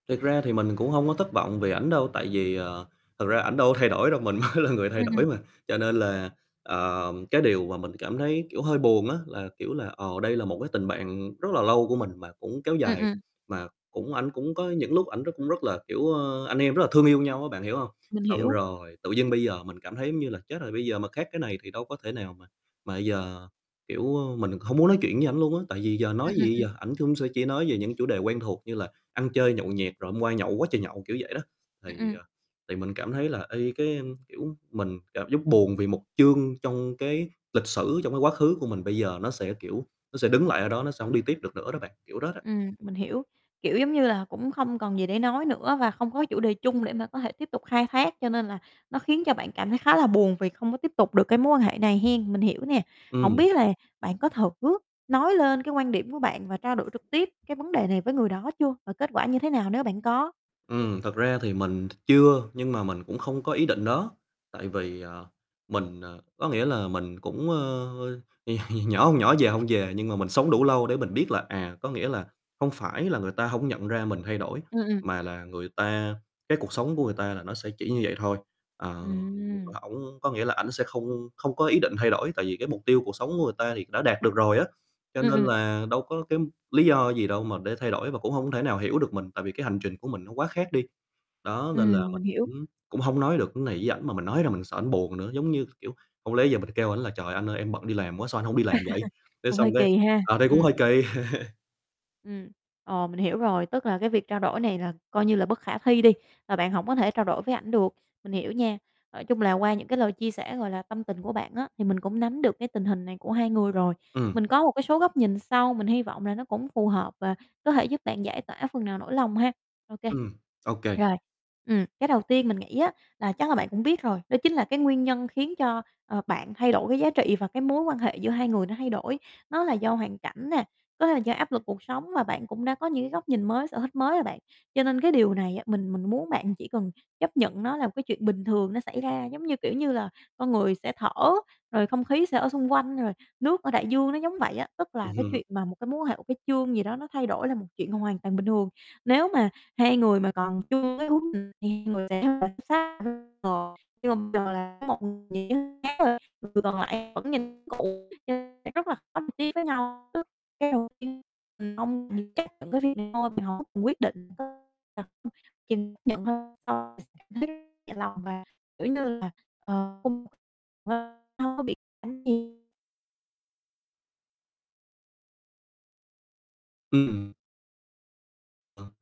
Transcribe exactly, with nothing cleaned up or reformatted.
Thật ra thì mình cũng hông có thất vọng vì ảnh đâu, tại vì, ờ, thật ra ảnh đâu có thay đổi đâu, mình mới là người thay Ừm, đổi ừm. mà, cho nên là, ờ, cái điều mà mình cảm thấy, kiểu, hơi buồn á là, kiểu là, ờ, đây là một cái tình bạn rất là lâu của mình mà cũng kéo Ừm, dài, ừm. mà cũng ảnh cũng có những lúc ảnh rất cũng rất là, kiểu, ờ, anh em rất là thương yêu nhau á, bạn hiểu hông? Mình Xong hiểu. rồi tự nhiên bây giờ mình cảm thấy, giống như là, chết rồi, bây giờ mà các cái này thì đâu có thể nào mà mà giờ, kiểu, ơ, mình không muốn nói chuyện với ảnh luôn á. Tại vì giờ Ừm, nói ừm, gì ừm. giờ, ảnh chung sẽ chỉ nói về những chủ đề quen thuộc như là ăn chơi nhậu nhẹt, rồi hôm qua nhậu quá trời nhậu, kiểu vậy đó. Ừm, Thì, ừm. à, thì mình cảm thấy là y cái, ờm, kiểu, mình cảm giác buồn vì một chương trong cái lịch sử, trong cái quá khứ của mình bây giờ nó sẽ, kiểu, nó sẽ đứng lại ở đó, nó sẽ hổng đi tiếp được nữa đó bạn, kiểu đó đó. Ừm, mình hiểu, kiểu giống như là, cũng không còn gì để nói nữa và không có chủ đề chung để mà có thể tiếp tục khai thác cho nên là nó khiến cho bạn cảm thấy khá là buồn vì không có tiếp tục được cái mối quan hệ này hén, mình hiểu nè. Hổng Ừm. biết là bạn có thử nói lên cái quan điểm của bạn và trao đổi trực tiếp cái vấn đề này với người đó chưa và kết quả như thế nào nếu bạn có? Ừm, thật ra thì mình ch chưa, nhưng mà mình cũng không có ý định đó, tại vì, ờ, mình ờ, có nghĩa là, mình cũng, ơ, ơ, nhỏ hông nhỏ, già hông già, nhưng mà mình sống đủ lâu để mình biết là, à, có nghĩa là, không phải là người ta hổng nhận ra mình thay đổi, Ừm, ừm. mà là người ta cái cuộc sống của người ta là nó sẽ chỉ như vậy thôi. Ờ, Ừm. ổng có nghĩa là, ảnh sẽ không không có ý định thay đổi, tại vì cái mục tiêu cuộc sống của người ta thì đã đạt được rồi á, cho Ừm, nên ừm. là đâu có cái lý do gì đâu mà để thay đổi, và cũng hông thể nào hiểu được mình, tại vì cái hành trình của mình nó quá khác đi. Đó, nên là Ừm, mình mình hiểu. cũng cũng hông nói được ưn này với ảnh, mà mình nói ra mình sợ ảnh buồn nữa, giống như, k kiểu, hông lẽ giờ mình kêu ảnh là "Trời, anh ơi, em bận đi làm quá, sao anh hông đi làm vậy! Thế Cũng xong hơi cái kỳ ha, ờ, đây cũng hơi ừm. kì. Ừm, ờ, mình hiểu rồi, tức là cái việc trao đổi này là coi như là bất khả thi đi và bạn hổng có thể trao đổi với ảnh được, mình hiểu nha. Nói chung là qua những cái lời chia sẻ, gọi là, tâm tình của bạn á, thì mình cũng nắm được cái tình hình này của hai người rồi. Ừm. Mình có một cái số góc nhìn sau, mình hy vọng là nó cũng phù hợp và có thể giúp bạn giải tỏa phần nào nỗi lòng ha. Ô kê. Ừm, ô kê. Rồi, ừm, cái đầu tiên mình nghĩ á là chắc là bạn cũng biết rồi, đó chính là cái nguyên nhân khiến cho, ờ, bạn thay đổi cái giá trị và cái mối quan hệ giữa hai người nó thay đổi, nó là do hoàn cảnh nè, có thể là do áp lực cuộc sống và bạn cũng đã có những cái góc nhìn mới, sở thích mới rồi bạn. Cho nên cái điều này á, mình mình muốn bạn chỉ cần chấp nhận nó là một cái chuyện bình thường nó xảy ra, giống như, kiểu như là, con người sẽ thở, rồi không khí sẽ ở xung quanh, rồi nước ở đại dương, nó giống vậy á. Tức là Ừm cái hưm, hưm. chuyện mà một cái mối quan hệ, một cái chương gì đó nó thay đổi là một chuyện hoàn toàn bình thường. Nếu mà hai người mà còn chưa cái hướng [unintelligible] sẽ phải [unintelligible] nhưng mà bây giờ là một nghĩa khác thôi, người còn lại vẫn nhìn cũ cho nên sẽ rất là khó đi với nhau. Cái đầu tiên, mình không mình chấp nhận cái việc này thôi, mình [unintelligible] quyết định, [unintelligible] chấp nhận hơn, so cảm thấy nhẹ lòng và, kiểu như là, ờ không hông có bị [unintelligible] Ừm. Ờ.